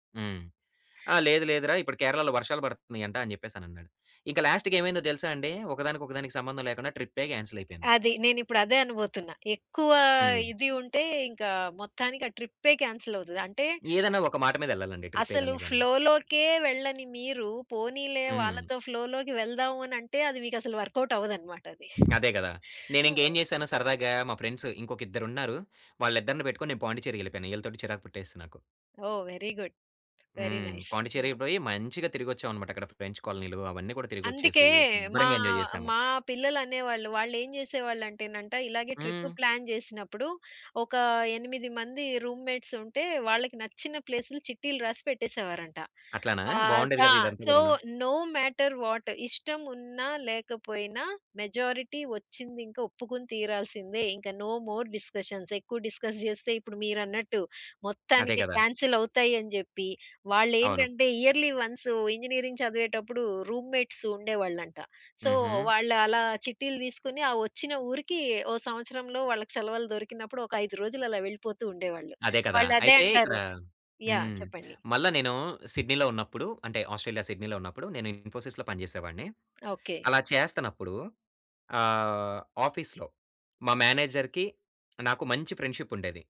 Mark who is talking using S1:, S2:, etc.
S1: హ్మ్. "ఆ! లేదు లేదు రా, ఇప్పుడు కేరళలో వర్షాలు బడుతున్నయి అంట" అని జెప్పేసని అన్నాడు. ఇక లాస్ట్‌కి ఏమైందో తెలుసా అండి. ఒకదానికి, ఒకదానికి సంబంధం లేకుండా ట్రిప్పే, క్యాన్సెల్ అయిపోయింది.
S2: అది. నేనిప్పుడు అదే అనబోతున్నా. ఎక్కువ
S1: హ్మ్.
S2: ఇది ఉంటే ఇంకా మొత్తానికి ఆ ట్రిప్పే క్యాన్సల్ అవుతది. అంటే
S1: ఏదైనా ఒక మాట మీద ఎళ్ళాలండి. ట్రిప్
S2: అసలు
S1: ఏదన్నా గాని.
S2: ఫ్లో లోకే వెళ్ళని మీరు, పోనీలే
S1: హ్మ్.
S2: వాళ్ళతో ఫ్లో లోకి వెళ్దాము, అనంటే అది మీకసలు వర్కౌట్ అవ్వదనమాట అది.
S1: అదే గదా!
S2: ఆ!
S1: నేనింకేం జేసాను సరదాగా మా ఫ్రెండ్స్ ఇంకొక ఇద్దరున్నారు. వాళ్ళిద్దరిని బెట్టుకొని నేను పాండిచ్చేరికెళ్ళిపోయాను. ఈళ్ళతోటి చిరాకు పుట్టేసి నాకు.
S2: ఓహ్! Very good. వెరీ
S1: హ్మ్.
S2: నైస్. ఆ!
S1: పాండిచెర్రికి పోయి, మంచిగా తిరిగొచ్చాం అనమాట. అక్కడ ఫ్రెంచ్ కాలనీలు అవన్నీ కూడా
S2: అందుకే
S1: తిరిగొచ్చేసి,
S2: మా
S1: శుభ్రంగా ఎంజాయ్ జేసాము.
S2: మా పిల్లలనేవాళ్ళు. వాళ్ళేం జేసేవాళ్ళంటేనంట, ఇలాగే ట్రిప్పు
S1: హ్మ్.
S2: ప్లాన్ జేసినప్పుడు, ఒక ఎనిమిది మంది రూమ్‌మేట్స్ ఉంటే, వాళ్ళకి నచ్చిన ప్లేస్‌లు చిట్టీలు రాసి పెట్టేసేవారంట.
S1: అట్లానా!
S2: ఆహ్, జ
S1: బావుండేది గదా! ఇదంతా
S2: సో,
S1: గూడాను.
S2: నో మ్యాటర్ వాట్ ఇష్టం ఉన్నా, లేకపోయినా మెజారిటీ వచ్చిందింక ఒప్పుకొని తీరాల్సిందే. ఇంకా నో మోర్ డిస్కషన్స్. ఎక్కువ డిస్కస్ జేస్తే ఇప్పుడు మీరన్నట్టు,
S1: అదే
S2: మొత్తానికే
S1: గదా!
S2: క్యాన్సల్ అవుతాయి అని జెప్పి,
S1: అవును.
S2: వాళ్ళేంటంటే ఇయర్‌లీ వన్సు ఇంజినీరింగ్ చదివేటప్పుడు, రూమ్‌మేట్స్ ఉండేవాళ్ళంట. సో,
S1: హుహు.
S2: వాళ్ళు అలా చిట్టీలు దీసుకొని ఆ ఒచ్చిన ఊరికి, ఓ సంవత్సరంలో వాళ్ళకి సెలవులు దొరికినప్పుడు ఒక 5 రోజులు అలా వెళ్ళిపోతూ ఉండేవాళ్ళు.
S1: అదే కదా!
S2: వాళ్ళదే
S1: అయితే ఇక్కడ
S2: అంటారు. యాహ్!
S1: హ్మ్.
S2: చెప్పండి.
S1: మల్లా నేను సిడ్నీలో ఉన్నప్పుడు అంటే, ఆస్ట్రేలియా సిడ్నీలో ఉన్నప్పుడు, నేను ఇన్ఫోసిస్‌లో పని జేసేవాడిని.
S2: ఓకే.
S1: అలా చేస్తన్నప్పుడు ఆహ్, ఆఫీస్‌లో మా మేనేజర్‌కి నాకు మంచి ఫ్రెండ్‌షిప్ ఉండేది.